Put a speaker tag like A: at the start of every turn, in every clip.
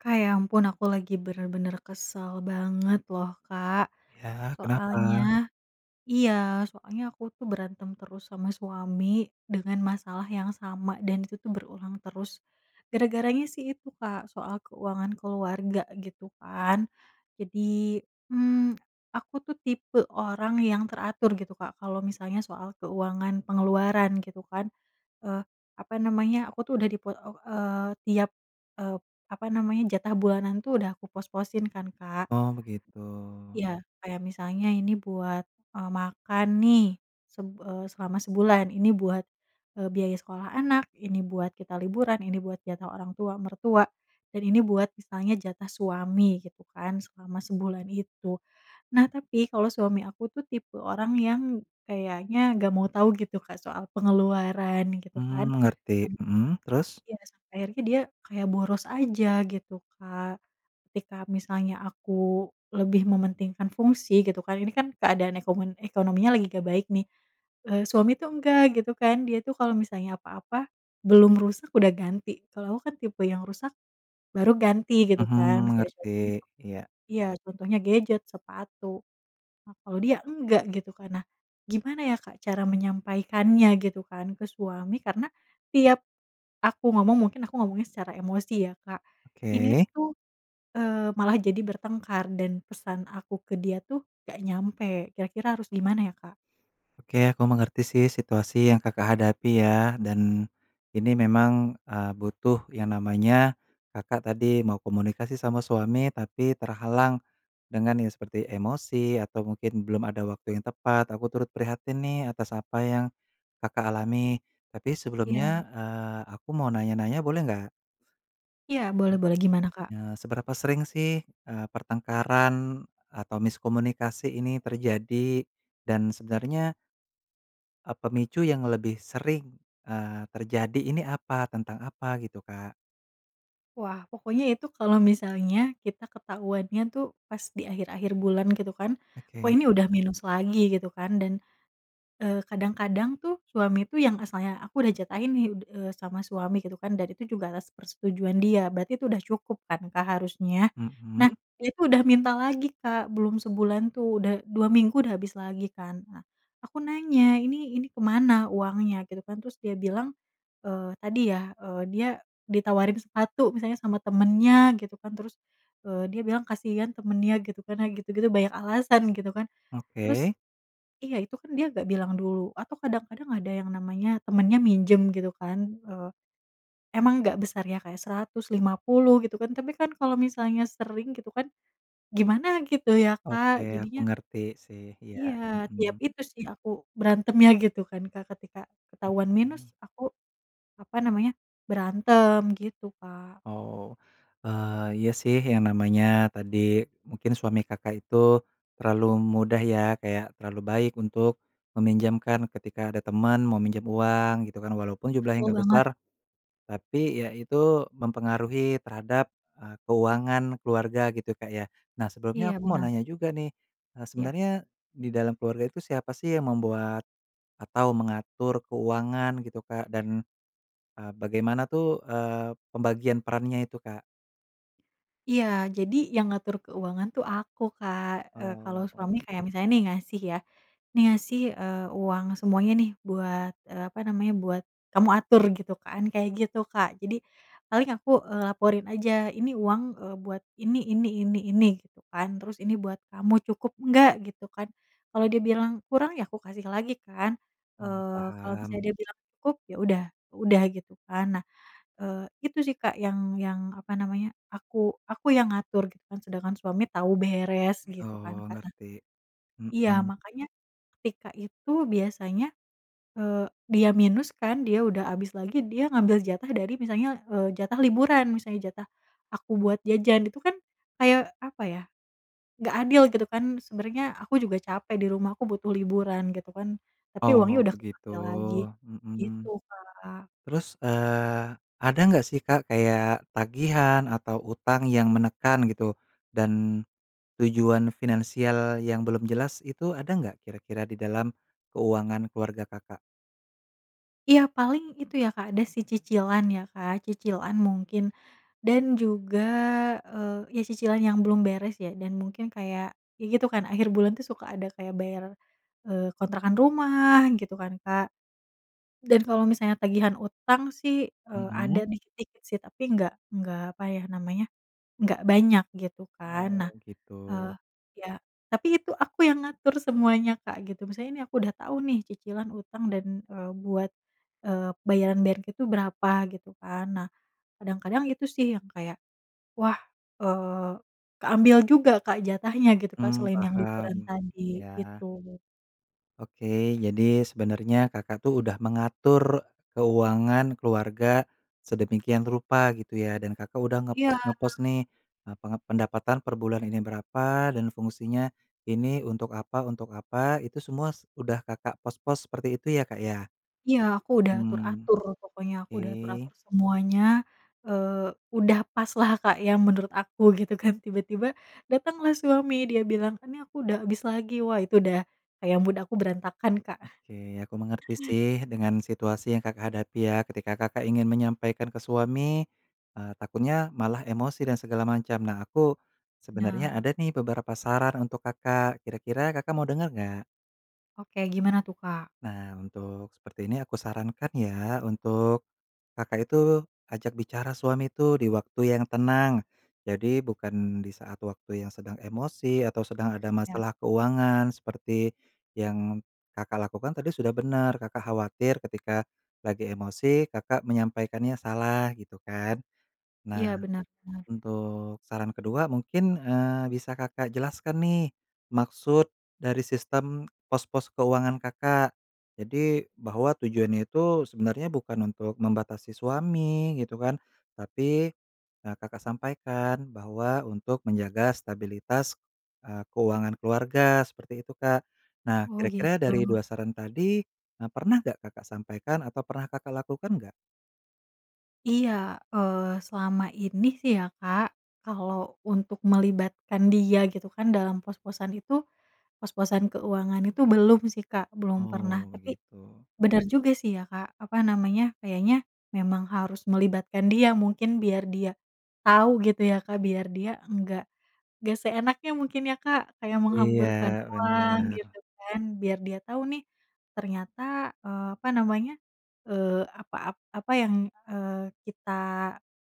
A: Kak, ya ampun aku lagi bener-bener kesel banget loh, Kak.
B: Ya, kenapa?
A: Soalnya iya, soalnya aku tuh berantem terus sama suami dengan masalah yang sama dan itu tuh berulang terus. Gara-garanya sih itu, Kak, soal keuangan keluarga gitu kan. Jadi, mmm, aku tuh tipe orang yang teratur gitu, Kak. Kalau misalnya soal keuangan pengeluaran gitu kan. Eee, apa namanya, aku tuh udah di pe e eee, tiap, eee, apa namanya, jatah bulanan itu udah aku pos-posin kan, Kak.
B: Oh begitu.
A: Iya, kayak misalnya ini buat, eee, makan nih seb eee, selama sebulan, ini buat, eee, biaya sekolah anak, ini buat kita liburan, ini buat jatah orang tua mertua, dan ini buat misalnya jatah suami gitu kan, selama sebulan itu. Nah, tapi kalau suami aku tuh tipe orang yang kayaknya nggak mau tahu gitu, Kak, soal pengeluaran gitu kan.
B: Hmm, ngerti,
A: Sam
B: mhm, terus?
A: iya, sampai akhirnya dia kayak boros aja gitu, Kak. Ketika misalnya aku lebih mementingkan fungsi gitu kan. Ini kan keadaan ekomen ekonominya lagi nggak baik nih. Eee, suami tuh enggak gitu kan. Dia tuh kalau misalnya apa-apa belum rusak udah ganti, kalau aku kan tipe yang rusak baru ganti gitu
B: Mhm,
A: kan masih ada so
B: mengerti.
A: besok
B: Iya.
A: iya, contohnya gadget, sepatu. Nah kalau dia enggak gitu kan. Nah gimana ya, Kak, cara menyampaikannya gitu kan ke suami, karena tiap aku ngomong mungkin aku ngomongnya secara emosi ya, Kak. Ini
B: Oke.
A: tuh, eee, malah jadi bertengkar dan pesan aku ke dia tuh nggak nyampe, kira-kira harus gimana ya, Kak?
B: Oke, aku mengerti sih situasi yang Kakak hadapi ya. Dan ini memang, eee, butuh yang namanya, Kakak tadi mau komunikasi sama suami, tapi terhalang dengan yang seperti emosi atau mungkin belum ada waktu yang tepat. Aku turut prihatin nih atas apa yang Kakak alami. Tapi
A: Iya.
B: sebelumnya, eee, aku mau nanya-nanya boleh nggak?
A: Iya, boleh boleh gimana, Kak?
B: Nah seberapa sering sih, eee, pertengkaran atau miskomunikasi ini terjadi dan sebenarnya Eee, pemicu yang lebih sering, eee, terjadi ini apa? tentang apa gitu, Kak?
A: Wah. Pokoknya itu kalau misalnya kita ketahuannya tuh pas di akhir-akhir bulan gitu kan, "Kok
B: Oke.
A: ini udah minus lagi?" gitu kan, dan, eee, kadang-kadang tuh suami itu yang asalnya aku udah jatahin nih d eee sama suami gitu kan, dan itu juga atas persetujuan dia, berarti itu udah cukup kan, Kak, harusnya.
B: Mhm?
A: Nah, dia itu udah minta lagi, Kak, belum sebulan tuh, udah 2 minggu, udah habis lagi kan. Nah, aku nanya, "Ini ini ke mana uangnya?" gitu kan. Terus dia bilang, eee, tadi ya, eee, dia ditawarin sepatu misalnya sama temannya gitu kan. Terus, eee, dia bilang, kasihan temannya gitu kan, nah gitu-gitu, banyak alasan gitu kan. Terus
B: Oke.
A: iya, itu kan dia nggak bilang dulu atau kadang-kadang ada yang namanya temannya minjem gitu kan, eee, emang nggak besar ya, kayak Rp150.000 gitu kan, tapi kan kalau misalnya sering gitu kan gimana gitu ya,
B: Oke.
A: Kak,
B: Aku
A: jadinya
B: ngerti sih. Iya,
A: Iya, tiap
B: Mhm.
A: itu sih aku berantemnya gitu kan, Kak. Ketika ketahuan minus
B: Mhm.
A: aku, apa namanya, berantem. Gitu, Kak.
B: Oh. Eee, iya sih yang namanya tadi mungkin suami Kakak itu terlalu mudah ya, kayak terlalu baik untuk meminjamkan ketika ada teman mau minjem uang gitu kan. Walaupun jumlahnya
A: Betul
B: nggak
A: banget.
B: besar, tapi ya itu mempengaruhi terhadap, eee, keuangan keluarga gitu, Kak, ya. Nah, sebelumnya
A: Iya
B: aku mau
A: benar.
B: nanya juga nih, eee,
A: Iya.
B: sebenarnya di dalam keluarga itu siapa sih yang membuat atau mengatur keuangan gitu, Kak? Dan, eee, bagaimana tuh, eee, pembagian perannya itu, Kak?
A: Iya jadi yang ngatur keuangan tuh aku Kak, eee, kalo
B: Oh.
A: suami kayak misalnya nih ngasih ya, nih ngasih, eee, uang semuanya nih buat, eee, apa namanya buat kamu atur gitu kan kayak gitu Kak jadi, paling aku, eee, laporin aja ini uang, eee, buat ini ini ini ini gitu kan terus ini buat kamu cukup nggak gitu kan, kalau dia bilang kurang ya aku kasih lagi kan,
B: Oh
A: eee, kalo misalnya
B: paham.
A: dia bilang cukup ya udah udah gitu kan. Nah, eee, itu sih Kak yang yang apa namanya aku aku yang ngatur gitu kan sedangkan suami tahu beres gitu kan
B: Oh
A: Kak nah.
B: ngerti,
A: Iya
B: mhm.
A: makanya, ketika itu biasanya, eee, dia minus kan dia udah abis lagi dia ngambil jatah dari misalnya, eee, jatah liburan misalnya jatah, aku buat jajan itu kan, kayak apa ya. Nggak adil gitu kan sebenernya aku juga capek di rumah aku butuh liburan gitu kan, tapi uangnya
B: Oh
A: udah
B: begitu,
A: kepakai lagi, gitu
B: mhm,
A: Kak.
B: terus, eee, ada nggak sih Kak kayak tagihan atau utang yang menekan gitu, dan, tujuan finansial yang belum jelas itu ada nggak kira-kira di dalam, keuangan keluarga Kakak?
A: Iya, paling itu, ya, Kak, ada, sih, cicilan, ya, Kak, cicilan mungkin. Dan juga, eee, iya cicilan yang belum beres, ya, dan mungkin kayak ya, gitu, kan, akhir bulan, tuh, suka ada kayak bayar, eee, kontrakan rumah gitu, kan, Kak. Dan kalau misalnya tagihan utang, sih, eee, ada
B: Mhm.
A: dikit-dikit, sih, tapi nggak nggak apa, ya, namanya nggak banyak gitu, kan. Nah,
B: Oh,
A: eee,
B: gitu.
A: ya, tapi itu aku yang ngatur semuanya Kak, gitu. Misalnya, nih, aku udah tau, nih, cicilan utang dan, eee, buat, eee, bayaran-bayaran itu berapa gitu, kan. Nah, kadang-kadang itu, sih, yang kayak, wah, eee, keambil juga Kak, jatahnya gitu, kan,
B: Mmm,
A: selain yang liburan
B: paham.
A: tadi,
B: Iya.
A: gitu.
B: Oke. Jadi sebenernya, Kakak, tuh, udah mengatur keuangan keluarga sedemikian rupa gitu, ya. Dan Kakak udah
A: Iya.
B: ngepos-ngepos, nih, e pengep pendapatan per bulan ini berapa dan fungsinya ini untuk apa, untuk apa, itu semua es udah Kakak pos-pos seperti itu, ya, Kak, ya?
A: Iya, aku udah
B: Mmm.
A: atur-atur pokoknya. Aku udah
B: Ke.
A: atur-atur semuanya, eee, udah paslah Kak, ya, menurut aku gitu, kan, tiba-tiba datanglah suami, dia bilang, "Ini aku udah habis lagi." wah itu udah kayak mood aku berantakan, Kak.
B: Oke. Aku mengerti, sih, dengan situasi yang Kakak hadapi, ya, ketika Kakak ingin menyampaikan ke suami, eee, takutnya malah emosi dan segala macam. Nah, aku sebenernya
A: Benar.
B: ada, nih, beberapa saran untuk Kakak. Kira-kira Kakak mau denger nggak?
A: Oke, gimana tuh, Kak?
B: Nah, untuk seperti ini aku sarankan ya, untuk Kakak itu ajak bicara suami itu di waktu yang tenang. Jadi bukan di saat waktu yang sedang emosi atau sedang ada
A: Ya.
B: masalah keuangan seperti yang Kakak lakukan tadi sudah bener, Kakak khawatir ketika lagi emosi Kakak menyampaikannya salah gitu kan.
A: Iya,
B: Nah,
A: bener bener.
B: untuk saran ke-2 mungkin, eee, bisa Kakak jelaskan nih, maksud dari sistem pos-pos keuangan Kakak. Jadi, bahwa tujuannya itu sebenarnya bukan untuk membatasi suami gitu kan. Tapi, e Kakak sampaikan bahwa untuk menjaga stabilitas, eee, keuangan keluarga seperti itu, Kak. Nah,
A: Oh
B: kira-kira
A: gitu.
B: dari 2 saran tadi, e pernah enggak Kakak sampaikan atau pernah Kakak lakukan nggak?
A: Iya, eee, selama ini sih ya, Kak, kalau untuk melibatkan dia gitu kan dalam pos-posan itu, pos-posan keuangan itu belum sih, Kak, belum pernah.
B: Oh
A: Tapi
B: begitu.
A: bener juga sih ya, Kak. Apa namanya, kayaknya memang harus melibatkan dia, mungkin biar dia tau gitu ya, Kak, biar dia nggak nggak seenaknya mungkin ya, Kak, kayak menghamburkan
B: Iya
A: uang
B: bener.
A: gitu kan. Biar dia tau nih ternyata, eee, apa namanya, eee, apa, ap apa yang, eee, kita,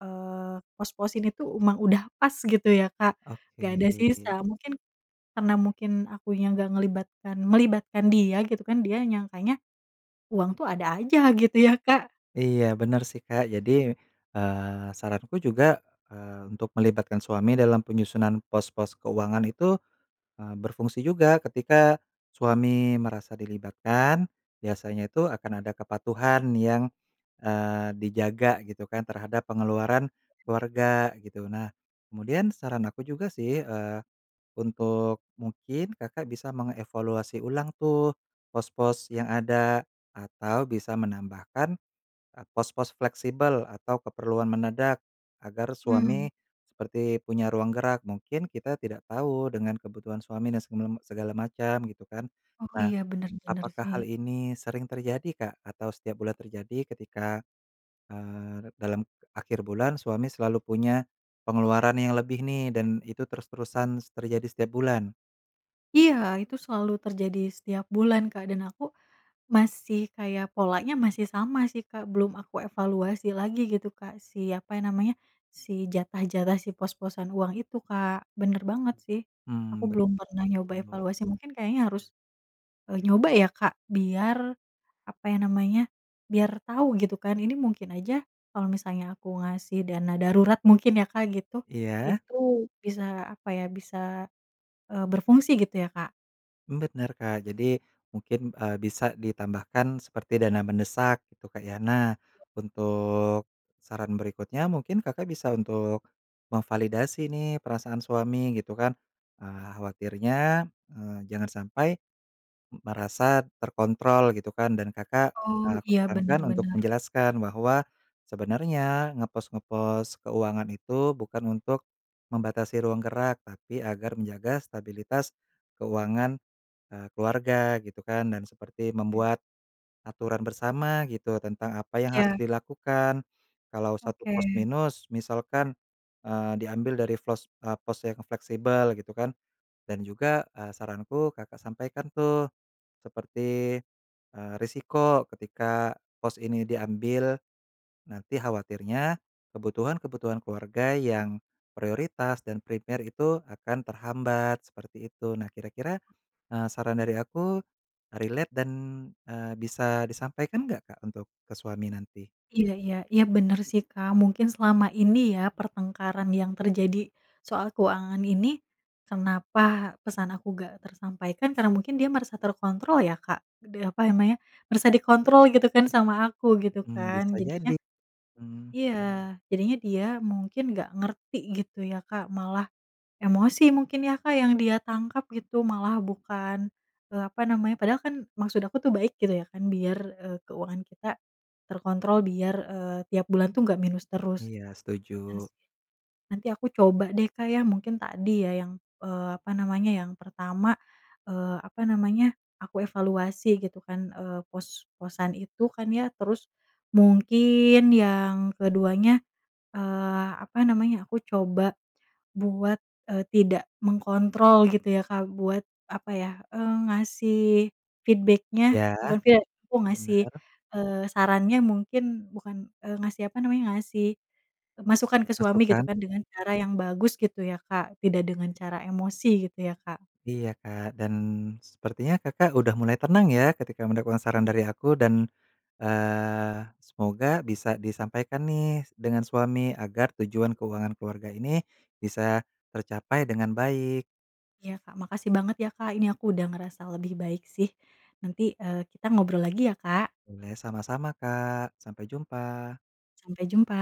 A: eee, pos-posin itu emang udah pas gitu ya, Kak.
B: Oke.
A: Nggak ada sisa mungkin karena mungkin akunya nggak ngelibatkan melibatkan dia gitu kan. Dia nyangkanya uang tuh ada aja gitu ya, Kak?
B: Iya bener sih, Kak. Jadi, eee, saranku juga, eee, untuk melibatkan suami dalam penyusunan pos-pos keuangan itu, eee, berfungsi juga. Ketika suami merasa dilibatkan, biasanya itu akan ada kepatuhan yang, eee, dijaga gitu kan terhadap pengeluaran
A: Oke.
B: keluarga gitu. Nah, kemudian saran aku juga sih, eee, untuk mungkin Kakak bisa mengevaluasi ulang tuh pos-pos yang ada atau bisa menambahkan, e pos-pos fleksibel atau keperluan mendadak, agar
A: Mmm.
B: suami seperti punya ruang gerak. Mungkin kita tidak tahu dengan kebutuhan suami dan semelem segala macem gitu kan.
A: Oh
B: Nah,
A: iya, bener, bener
B: apakah
A: sih.
B: hal ini sering terjadi, Kak? Atau setiap bulan terjadi ketika, eee, dalam akhir bulan suami selalu punya pengeluaran yang lebih nih, dan itu terus-terusan s terjadi setiap bulan?
A: Iya, itu selalu terjadi setiap bulan, Kak, dan aku masih kayak polanya masih sama sih, Kak. Belum aku evaluasi lagi gitu, Kak, si, apa ya namanya, si jatah-jatah, si pos-posan uang itu, Kak. Bener banget sih. Aku
B: Hmm
A: belum pernah nyoba
B: betul.
A: evaluasi, mungkin kayaknya harus, eee, nyoba ya, Kak. Biar, apa ya namanya, biar tau gitu kan. Ini mungkin aja kalau misalnya aku ngasih dana darurat, mungkin ya, Kak, gitu.
B: Iya.
A: Itu, bisa, apa ya, bisa, eee, berfungsi gitu ya, Kak?
B: Bener, Kak. Jadi mungkin, eee, bisa ditambahkan seperti dana mendesak gitu, Kak, ya. Nah, untuk saran berikutnya mungkin Kakak bisa untuk memvalidasi nih perasaan suami gitu kan. Eee, khawatirnya, eee, jangan sampai m merasa terkontrol gitu kan. Dan, Kakak,
A: Oh.
B: aku
A: Iya bener
B: sarankan untuk
A: bener.
B: menjelaskan bahwa sebenernya ngepos-ngepos keuangan itu bukan untuk membatasi ruang gerak, tapi agar menjaga stabilitas keuangan, eee, keluarga gitu kan, dan seperti
A: Hmm.
B: membuat aturan bersama gitu tentang apa yang harus
A: Iya.
B: dilakukan. Kalau satu
A: Oke.
B: pos minus, misalkan, eee, diambil dari flos eee, pos yang fleksibel gitu kan. Dan juga, eee, saranku Kakak sampaikan tuh seperti, eee, resiko ketika pos ini diambil, nanti khawatirnya kebutuhan-kebutuhan keluarga yang prioritas dan prepare itu akan terhambat, seperti itu. Nah, kira-kira, eee, saran dari aku relate dan, eee, bisa disampaikan enggak, Kak, untuk ke suami nanti?
A: Iya iya. Iya, bener sih, Kak. Mungkin selama ini ya pertengkaran yang terjadi soal keuangan ini, kenapa pesan aku nggak tersampaikan, karena mungkin dia merasa terkontrol ya, Kak. Deh apa ya namanya, merasa dikontrol gitu kan sama aku gitu
B: Mmm
A: kan,
B: bisa
A: jadinya
B: jadi. Mmm.
A: iya. Jadinya dia mungkin nggak ngerti gitu ya, Kak, malah emosi mungkin ya, Kak, yang dia tangkap gitu malah bukan, eee, apa namanya padahal kan maksud aku tuh baik gitu ya kan, biar, eee, keuangan kita terkontrol, biar, eee, tiap bulan tuh nggak minus terus.
B: Iya
A: Bener
B: setuju.
A: sih. Nanti aku coba deh, Kak, ya, mungkin tadi ya yang, eee, apa namanya, yang pertama, eee, apa namanya aku evaluasi gitu kan, eee, pos-posan itu kan ya. Terus mungkin yang ke-2-nya, eee, apa namanya, aku coba buat, eee, tidak mengkontrol gitu ya, Kak, buat, apa ya, eee, ngasih feedback-nya
B: Ya.
A: bukan feedba aku ngasih,
B: Bener.
A: eee, sarannya, mungkin bukan, eee, ngasih, apa namanya, ngasih masukan ke suami gitu
B: Masukan.
A: kan dengan cara yang bagus gitu ya, Kak, tidak dengan cara emosi gitu ya, Kak.
B: Iya, Kak, dan sepertinya Kakak udah mulai tenang ya, ketika mendengarkan saran dari aku, dan, eee, semoga bisa disampaikan nih dengan suami agar tujuan keuangan keluarga ini bisa tercapai dengan baik.
A: Iya Kak. Makasih banget ya, Kak. Ini aku udah ngerasa lebih baik sih. Nanti, eee, kita ngobrol lagi ya, Kak.
B: Boleh, sama-sama Kak. Sampai jumpa.
A: Sampai jumpa.